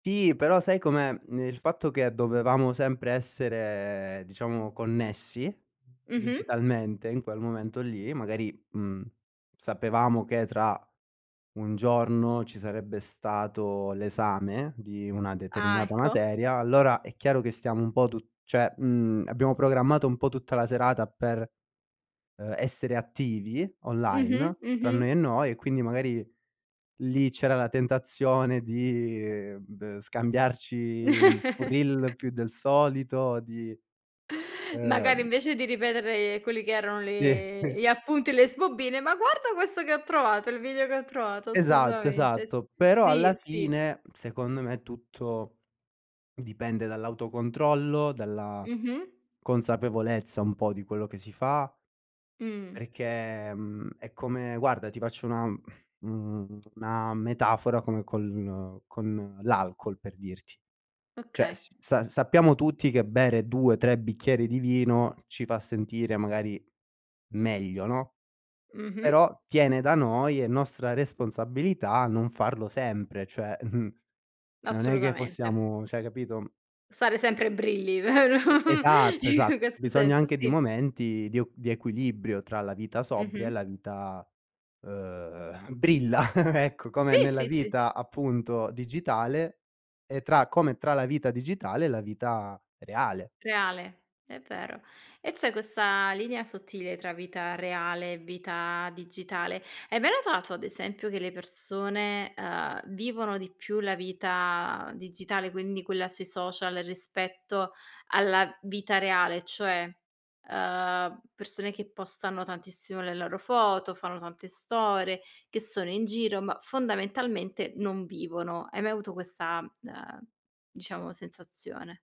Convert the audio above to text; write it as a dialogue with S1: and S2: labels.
S1: Sì, però sai com'è mhmm, il fatto che dovevamo sempre essere, diciamo connessi
S2: Mh-mh.
S1: digitalmente, in quel momento lì, magari, mhmm, sapevamo che tra 1 giorno ci sarebbe stato l'esame di una
S2: Ah,
S1: determinata
S2: ecco.
S1: materia, allora è chiaro che stiamo un po' tu cioè mhmm, abbiamo programmato un po' tutta la serata per, uhm, essere attivi
S2: Mh-mh.
S1: online, tra
S2: Mh-mh.
S1: noi e noi e quindi magari lì c'era la tentazione di b scambiarci un reel più del solito di, ehm
S2: Magari invece di ripetere quelli che erano
S1: Sì.
S2: le gli appunti, le sbobine, "Ma guarda questo che ho trovato, il video che ho trovato."
S1: Esatto,
S2: Assolutamente.
S1: esatto, però alla
S2: Sì, sì.
S1: fine, secondo me, tutto dipende dall'autocontrollo, dalla
S2: Mh-mh.
S1: consapevolezza un po' di quello che si fa,
S2: Mh.
S1: perché, mhmm, è come guarda ti faccio una uhm, mhmm, una metafora, come con con l'alcol per dirti, cioè
S2: Okay.
S1: s sa sappiamo tutti che bere 2, 3 bicchieri di vino ci fa sentire magari meglio, no,
S2: Mh-mh.
S1: però tiene da noi è nostra responsabilità non farlo sempre, cioè, non è che
S2: Assolutamente.
S1: possiamo cioè capito?
S2: Stare sempre brilli, vero?
S1: E esatto,
S2: In
S1: esatto,
S2: questo
S1: Bisogna
S2: senso,
S1: anche di
S2: sì.
S1: momenti di o di equilibrio tra la vita sobria e
S2: Mh-mh.
S1: la vita, uhm, brilla, ecco, come
S2: Sì,
S1: nella
S2: sì, sì.
S1: vita appunto digitale e tra come tra la vita digitale e la vita reale.
S2: Reale, è vero. E c'è questa linea sottile tra vita reale e vita digitale. Hai mai notato, ad esempio, che le persone, uhm, vivono di più la vita digitale, quindi quella sui social rispetto alla vita reale, cioè, uhm, persone che postano tantissimo le loro foto, fanno tante storie, che sono in giro, ma fondamentalmente non vivono, hai mai avuto questa, uhm, diciamo sensazione?